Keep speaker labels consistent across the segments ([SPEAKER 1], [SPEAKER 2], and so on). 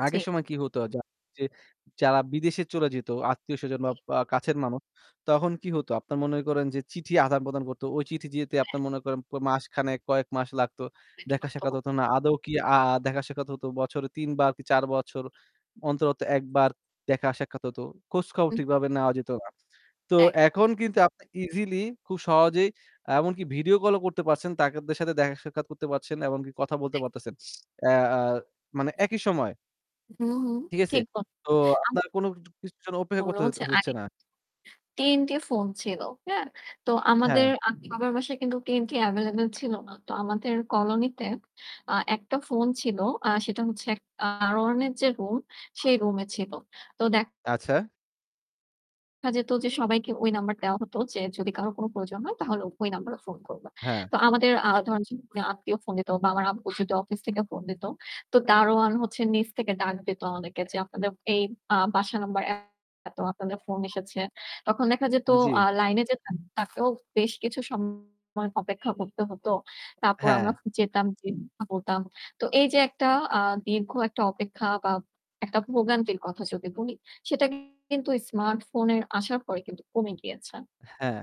[SPEAKER 1] আগের
[SPEAKER 2] চি
[SPEAKER 1] সময়ে কী হতো? যারা যে যারা বিদেশে চলে যেত আত্মীয়-স্বজন বা
[SPEAKER 2] জি।
[SPEAKER 1] পা কাছের মানুষ, তখন কী হতো? আপনার মনে করেন যে চিঠি আদান-প্রদান করতো। ওই চিঠি যেতে
[SPEAKER 2] হ্যাঁ।
[SPEAKER 1] আপনার মনে করেন প মাসখানেক কয়েক মাস লাগতো। দেখা-সাক্ষাৎ
[SPEAKER 2] [unintelligible]
[SPEAKER 1] হতো না। আদৌ কি আ দেখা-সাক্ষাৎ হতো বছরে ৩ বার কি ৪ বছর অন্তর, অন্তর ১ বার দেখা-সাক্ষাৎ হতো। খোঁজ খবর
[SPEAKER 2] হুম।
[SPEAKER 1] ঠিকভাবে নেওয়া যেত না। তো
[SPEAKER 2] একদম।
[SPEAKER 1] এখন কিন্তু আপনি easily খুব সহজেই এমনকি video call ও করতে পারছেন। তাদের সাথে দেখা-সাক্ষাৎ করতে পারছেন, এমনকি কথা বলতে
[SPEAKER 2] এক
[SPEAKER 1] পারতেছেন। অ্যা মানে একই সময়ে।
[SPEAKER 2] হুম, হুম।
[SPEAKER 1] ঠিক আছে?
[SPEAKER 2] ঠিক ব
[SPEAKER 1] তো
[SPEAKER 2] আম
[SPEAKER 1] আপনার কোন কিছুর কিছুর জন্য অপেক্ষা
[SPEAKER 2] বলল
[SPEAKER 1] করতে হইতে
[SPEAKER 2] হচ্ছে আই
[SPEAKER 1] হচ্ছে না।
[SPEAKER 2] TNT ফোন ছিল। হ্যাঁ? তো আমাদের
[SPEAKER 1] হ্যাঁ।
[SPEAKER 2] আ বাবার বাসায় কিন্তু TNT available ছিল না। তো আমাদের colony-তে আ একটা ফোন ছিল। আ সেটা হচ্ছে এক আ দারোয়ানের যে room, সেই room-এ ছিল। তো দেখা
[SPEAKER 1] আচ্ছা।
[SPEAKER 2] যেত যে সবাইকে ওই number দেওয়া হত যে যদি কারো কোন প্রয়োজন হয় তাহলে ওই number-এ phone করবা।
[SPEAKER 1] হ্যাঁ।
[SPEAKER 2] তো আমাদের আ ধরেন যে আ আত্মীয় phone দিত বা আমার আব্বু যদি office থেকে phone দিত, তো দারোয়ান হচ্ছে নিচ থেকে ডাক দিত আমাদেরকে যে, "আপনাদের এই আ বাসা number এতো, আপনাদের phone এসেছে।" তখন দেখা যেত
[SPEAKER 1] জি।
[SPEAKER 2] আ line-এ যে তাকেও তাকেও বেশ কিছু সময় অপেক্ষা করতে হত। তারপর আমরা
[SPEAKER 1] হ্যাঁ।
[SPEAKER 2] যেতাম, যেয়ে বলতাম। তো এই যে একটা আ দীর্ঘ একটা অপেক্ষা বা একটা ভোগান্তির কথা যদি বলি সেটা কিন্তু smartphone-এর আসার পরে কিন্তু কমে গিয়েছে।
[SPEAKER 1] হ্যাঁ।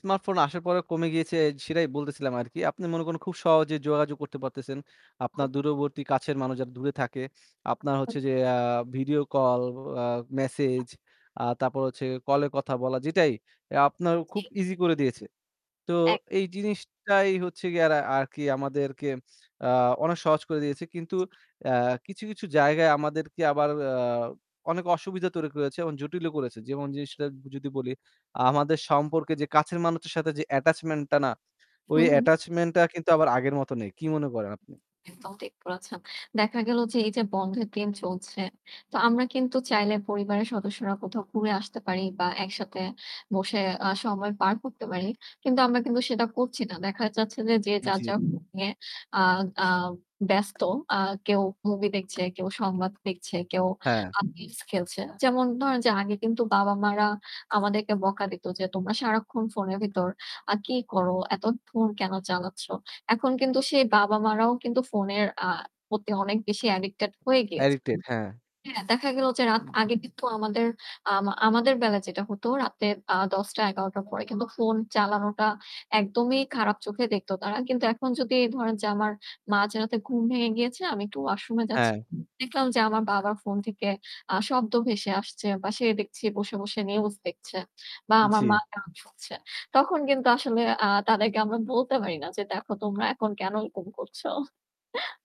[SPEAKER 1] smartphone আসার পরে কমে গিয়েছে সেটাই বলতেছিলাম আরকি। আপনি মনে করেন খুব সহজে যোগাযোগ করতে পারতেছেন। আপনার
[SPEAKER 2] [unintelligible]
[SPEAKER 1] দূরবর্তী কাছের মানুষ যারা দূরে থাকে, আপনার হচ্ছে যে আ video call, আ message আ তারপর হচ্ছে কলে কথা বলা যেটাই এ আপনার
[SPEAKER 2] জি।
[SPEAKER 1] খুব easy করে দিয়েছে। তো
[SPEAKER 2] এক
[SPEAKER 1] এই জিনিসটাই হচ্ছে গিয়ে আরা আরকি আমাদেরকে আ অনেক সহজ করে দিয়েছে। কিন্তু আ কিছু, কিছু জায়গায় আমাদেরকে আবার আ অনেক অসুবিধা তৈরি করেছে এবং জটিলও করেছে। যেমন জিনিসটা যদি বলি, আমাদের সম্পর্কে যে কাছের মানুষদের সাথে যে attachment টা না? ওই
[SPEAKER 2] হুম, হুম।
[SPEAKER 1] attachment টা কিন্তু আবার আগের মত নেই। কি মনে করেন আপনি?
[SPEAKER 2] একদম ঠিক বলেছেন। দেখা গেল যে এই যে বন্ধের দিন চলছে, তো আমরা কিন্তু চাইলে পরিবারের সদস্যরা কোথাও ঘুরে আসতে পারি বা একসাথে বসে আ সময় পার করতে পারি। কিন্তু আমরা কিন্তু সেটা করছি না। দেখা যাচ্ছে যে, যে যার,
[SPEAKER 1] জি।
[SPEAKER 2] যার phone নিয়ে আ আ ব্যস্ত। আ কেউ movie দেখছে, কেউ সংবাদ দেখছে, কেউ
[SPEAKER 1] হ্যাঁ।
[SPEAKER 2] আ games খেলছে। যেমন ধরেন যে আগে কিন্তু বাবা-মারা আমাদেরকে বকা দিত যে "তোমরা সারাক্ষণ phone-এর ভিতর আ কি করো? এত phone কেন চালাচ্ছ?" এখন কিন্তু সেই বাবা-মারাও কিন্তু phone-এর আ প্রতি অনেক বেশি addicted হয়ে গিয়েছে।
[SPEAKER 1] addicted হ্যাঁ।
[SPEAKER 2] হ্যাঁ? দেখা গেল যে রাত আগে
[SPEAKER 1] [unintelligible]
[SPEAKER 2] কিন্তু আমাদের আম আমাদের বেলায় যেটা হত রাতে আ ১০:০০-১১:০০ র পরে কিন্তু phone চালানোটা একদমই খারাপ চোখে দেখত তারা। কিন্তু এখন যদি ধরেন যে আমার মাঝরাতে ঘুম ভেঙে গিয়েছে, আমি একটু washroom-এ যাচ্ছি।
[SPEAKER 1] হ্যাঁ।
[SPEAKER 2] দেখলাম যে আমার বাবার phone থেকে আ শব্দ ভেসে আসছে বা সে দেখছি বসে, বসে news দেখছে বা আমার মা
[SPEAKER 1] জি।
[SPEAKER 2] গান শুনছে। তখন কিন্তু আসলে আ তাদেরকে আমরা বলতে পারি না যে "দেখো, তোমরা এখন কেন এরকম করছো?"